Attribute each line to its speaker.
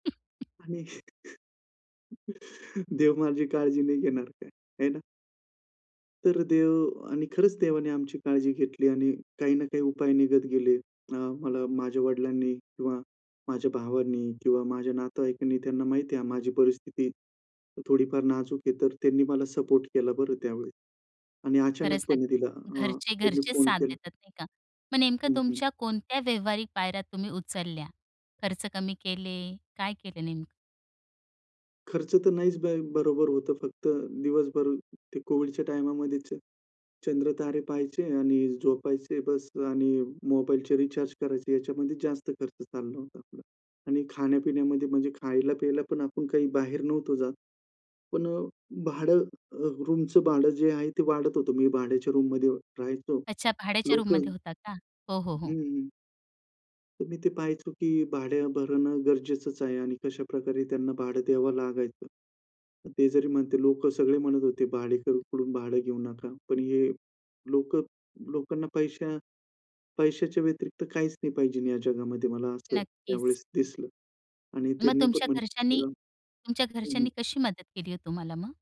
Speaker 1: [unintelligible]
Speaker 2: आणि देव माझी काळजी नाही घेणार काय? हे ना. तर देव आणि खरंच देवाने आमची काळजी घेतली. आणि काही ना काही उपाय निघत गेले. अ, मला माझ्या वडिलांनी किंवा माझ्या भावांनी किंवा माझ्या नातेवाईकांनी त्यांना माहिती आहे माझी परिस्थिती थोडीफार नाजूक आहे, तर त्यांनी मला सपोर्ट केला बरं त्यावेळेस. आणि
Speaker 1: खरंच ना,
Speaker 2: अचानकपणे तिला अ,
Speaker 1: घरचे
Speaker 2: त्यांनी
Speaker 1: घरचे
Speaker 2: फोन
Speaker 1: साथ
Speaker 2: केला
Speaker 1: देतात नाही का? मग नेमकं
Speaker 2: हं, हं.
Speaker 1: तुमच्या कोणत्या व्यावहारिक पायऱ्या तुम्ही उचलल्या? खर्च कमी केले? काय केले नेमकं?
Speaker 2: खर्च तर नाहीच ब बरोबर होतं फक्त दिवसभर ते COVIDच्या टाईमामध्ये चंद्र तारे पहायचे आणि झोपायचे बस आणि मोबाईलचे रिचार्ज करायचे ह्याच्यामध्ये जास्त खर्च चालला होता तो. आणि खाण्यापिण्यामध्ये म्हणजे खायला-प्यायला पण आपण काही बाहेर नव्हतो जात. पण अ, भाडं रूमच भाडं जे आहे, ते वाढत होतं. मी भाड्याच्या रूममध्ये राहायचो.
Speaker 1: अच्छा, भाड्याच्या
Speaker 2: लोकल
Speaker 1: रूममध्ये होता का? हो, हो,
Speaker 2: हं,
Speaker 1: हो.
Speaker 2: हं, हं. तर मी ते पाहायचो की भाडे भरण गरजेचंच आहे आणि कशाप्रकारे त्यांना भाडं द्यावं लागायचं. ते जरी म्हणते लोकं सगळे म्हणत होते भाडेकरू कडून भाडं घेऊ नका. पण हे लोक लोकांना पैशा पैशाच्या व्यतिरिक्त काहीच नाही पाहिजे या जगामध्ये मला असं
Speaker 1: नक्कीच.
Speaker 2: त्यावेळेस दिसलं. आणि
Speaker 1: मग
Speaker 2: त्यांनी पण
Speaker 1: तुमच्या घरच्यांनी
Speaker 2: म्हणलं
Speaker 1: तुमच्या
Speaker 2: [unintelligible] हं,
Speaker 1: घरच्यांनी
Speaker 2: हं.
Speaker 1: कशी मदत केली आहे तुम्हाला मग?